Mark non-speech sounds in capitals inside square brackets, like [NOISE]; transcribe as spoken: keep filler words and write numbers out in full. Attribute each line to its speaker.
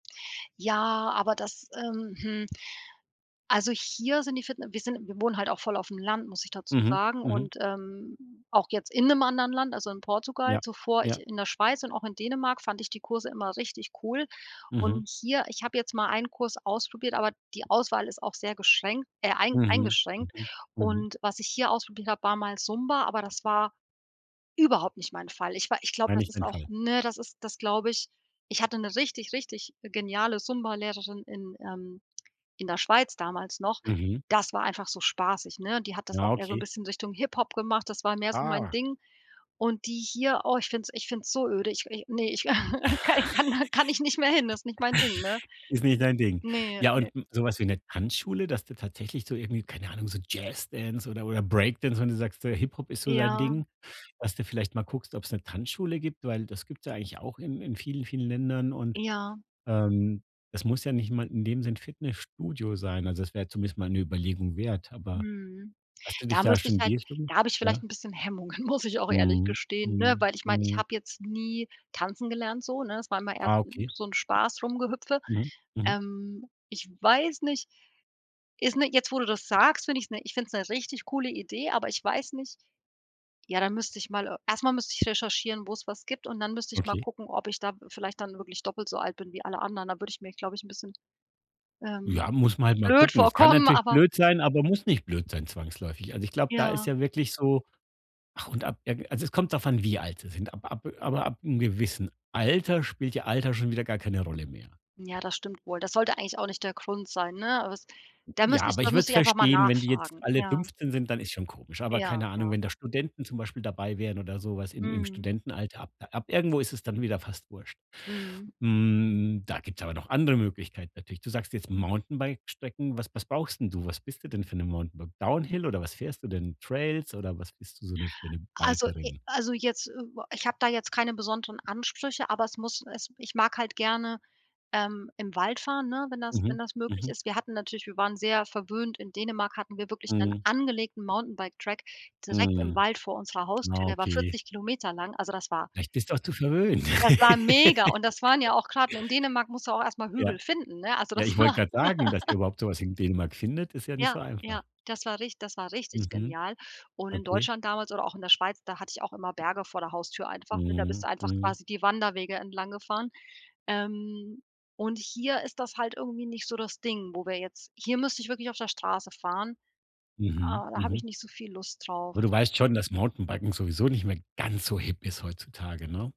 Speaker 1: Ja, aber das ähm, hm also hier sind die Fitne wir sind wir wohnen halt auch voll auf'm Land, muss ich dazu
Speaker 2: Mhm,
Speaker 1: sagen
Speaker 2: mhm.
Speaker 1: und, ähm, auch jetzt in 'nem anderen Land, also in Portugal
Speaker 2: Ja.
Speaker 1: zuvor ich
Speaker 2: Ja.
Speaker 1: in der Schweiz und auch in Dänemark fand ich die Kurse immer richtig cool.
Speaker 2: Mhm.
Speaker 1: Und hier, ich habe jetzt mal einen Kurs ausprobiert, aber die Auswahl ist auch sehr geschränkt äh, ein
Speaker 2: Mhm,
Speaker 1: eingeschränkt.
Speaker 2: mhm. Mhm.
Speaker 1: Und, was ich hier ausprobiert habe war mal Zumba. Aber das war, überhaupt nicht mein Fall. Ich war ich glaub,
Speaker 2: War
Speaker 1: das
Speaker 2: nicht
Speaker 1: ist
Speaker 2: dein
Speaker 1: auch
Speaker 2: Fall.
Speaker 1: ne, das ist das glaube ich. Ich hatte 'ne richtig, richtig geniale Zumba Lehrerin in ähm, in der Schweiz damals noch.
Speaker 2: Mhm.
Speaker 1: Das war einfach so spaßig, ne? Die hat das
Speaker 2: Ja,
Speaker 1: auch eher so 'n
Speaker 2: okay.
Speaker 1: bisschen Richtung Hip-Hop gemacht, das war mehr so mein
Speaker 2: Ah.
Speaker 1: Ding. Und die hier, oh ich finde es ich finde es so öde, ich i ne. Ich [CHUCKLES]
Speaker 2: [CHUCKLES]
Speaker 1: ka ich kann da kann ich nicht mehr hin. Das ist nicht mein Ding, ne?
Speaker 2: Ist nicht dein Ding.
Speaker 1: Ne.
Speaker 2: Ja, und
Speaker 1: Ne.
Speaker 2: so was wie 'ne Tanzschule, dass du tatsächlich so irgendwie, keine Ahnung, so Jazz Dance oder oder Break Dance, wenn du sagst, Hip-Hop ist so dein
Speaker 1: Ja.
Speaker 2: Ding, dass du vielleicht mal guckst, ob's 'ne Tanzschule gibt, weil das gibt's ja eigentlich auch in in vielen, vielen Ländern und,
Speaker 1: Ja.
Speaker 2: ähm, es muss ja nicht mal in dem Sinn 'n Fitnessstudio sein. Also, das wär zumindest mal 'ne Überlegung wert, aber
Speaker 1: Mhm.
Speaker 2: hast du dich
Speaker 1: Da
Speaker 2: da
Speaker 1: müsste ich
Speaker 2: schon in
Speaker 1: halt
Speaker 2: die Richtung
Speaker 1: da habe ich vielleicht
Speaker 2: ja?
Speaker 1: ein bisschen Hemmungen, muss ich auch ehrlich
Speaker 2: Mhm,
Speaker 1: gestehen, ne?
Speaker 2: mhm,
Speaker 1: Weil ich mein, ich
Speaker 2: mhm.
Speaker 1: habe jetzt nie tanzen gelernt so, ne? Es war immer eher
Speaker 2: Ah,
Speaker 1: so 'n
Speaker 2: okay.
Speaker 1: so 'n Spaß-Rumgehüpfe.
Speaker 2: Mhm, mhm.
Speaker 1: Ähm, ich weiß nicht, ist ne jetzt wo du das sagst, ich finde es 'ne ich finde es 'ne richtig coole Idee, aber ich weiß nicht, ja, da müsste ich mal, e erst mal müsste ich recherchieren, wo's was gibt. Und dann müsste ich mal
Speaker 2: Okay.
Speaker 1: gucken, ob ich da vielleicht dann wirklich doppelt so alt bin wie alle anderen. Da würde ich mir, glaube ich, 'n bisschen, ähm,
Speaker 2: Ja, muss man halt mal
Speaker 1: blöd
Speaker 2: gucken. Es kann
Speaker 1: vorkommen,
Speaker 2: natürlich
Speaker 1: aber
Speaker 2: blöd sein, aber muss nicht blöd sein zwangsläufig. Also ich glaube, da ist
Speaker 1: Ja.
Speaker 2: ja wirklich so ach und ab irgen also es kommt davon, wie alt sie sind. Ab ab aber ab 'n gewissen Alter spielt ja Alter schon wieder gar keine Rolle mehr.
Speaker 1: Ja, das stimmt wohl. Das sollte eigentlich auch nicht der Grund sein, ne? Aber es da
Speaker 2: Ja,
Speaker 1: müsste ich
Speaker 2: aber
Speaker 1: da
Speaker 2: ich würde
Speaker 1: müsste
Speaker 2: es
Speaker 1: ich einfach mal
Speaker 2: verstehen, wenn die jetzt
Speaker 1: nachfragen,
Speaker 2: alle
Speaker 1: ja.
Speaker 2: fünfzehn sind, dann ist schon komisch. Aber
Speaker 1: Ja,
Speaker 2: keine Ahnung,
Speaker 1: ja.
Speaker 2: wenn da Studenten zum Beispiel dabei wären oder so was im im
Speaker 1: Mhm.
Speaker 2: Studentenalter, ab ab irgendwo ist es dann wieder fast wurst.
Speaker 1: Mhm.
Speaker 2: Hm, da gibt's aber noch andere Möglichkeiten natürlich. Du sagst jetzt Mountainbike-Strecken, was was brauchst 'n du? Was bist du denn für 'ne Mountainbike Down Hill? Oder was fährst du denn? Trails? Oder was bist du so 'ne für 'ne
Speaker 1: Also i
Speaker 2: Bikerin?
Speaker 1: also jetzt, äh, ich habe da jetzt keine besonderen Ansprüche, aber es muss es ich mag halt gerne, ähm, im Wald fahren, ne? Wenn das wenn
Speaker 2: Mhm,
Speaker 1: das möglich
Speaker 2: mhm.
Speaker 1: ist. Wir hatten natürlich wir waren sehr verwöhnt in Dänemark, hatten wir wirklich einen
Speaker 2: Mhm.
Speaker 1: angelegten Mountainbike Track direkt im
Speaker 2: Mhm.
Speaker 1: Wald vor unserer Haustür. Der war
Speaker 2: Okay.
Speaker 1: vierzig Kilometer lang, also das war
Speaker 2: Vielleicht bist du auch zu verwöhnt.
Speaker 1: Das war mega und das waren ja
Speaker 2: [LAUGHS]
Speaker 1: auch grad In Dänemark musst du auch erst mal
Speaker 2: Ja.
Speaker 1: Hügel finden, ne? Also
Speaker 2: Ja,
Speaker 1: das
Speaker 2: ich wollte
Speaker 1: war
Speaker 2: grad sagen, dass ihr
Speaker 1: [GIGGLES]
Speaker 2: überhaupt so was in Dänemark findet, ist ja nicht
Speaker 1: Ja,
Speaker 2: so
Speaker 1: ja
Speaker 2: einfach.
Speaker 1: das war rich das war richtig
Speaker 2: Mhm.
Speaker 1: genial. Und in
Speaker 2: Okay.
Speaker 1: Deutschland damals oder auch in der Schweiz, da hatte ich auch immer Berge vor der Haustür einfach, ne, da bist
Speaker 2: Mhm,
Speaker 1: du einfach
Speaker 2: mhm.
Speaker 1: quasi die Wanderwege entlanggefahren. Ähm, und hier ist das halt irgendwie nicht so das Ding, wo wir jetzt hier müsst ich wirklich auf der Straße fahren.
Speaker 2: Mhm,
Speaker 1: Äh, da habe ich
Speaker 2: mhm.
Speaker 1: nicht so viel Lust drauf.
Speaker 2: Aber du weißt schon, dass Mountainbiken sowieso nicht mehr ganz so hip ist heutzutage, ne?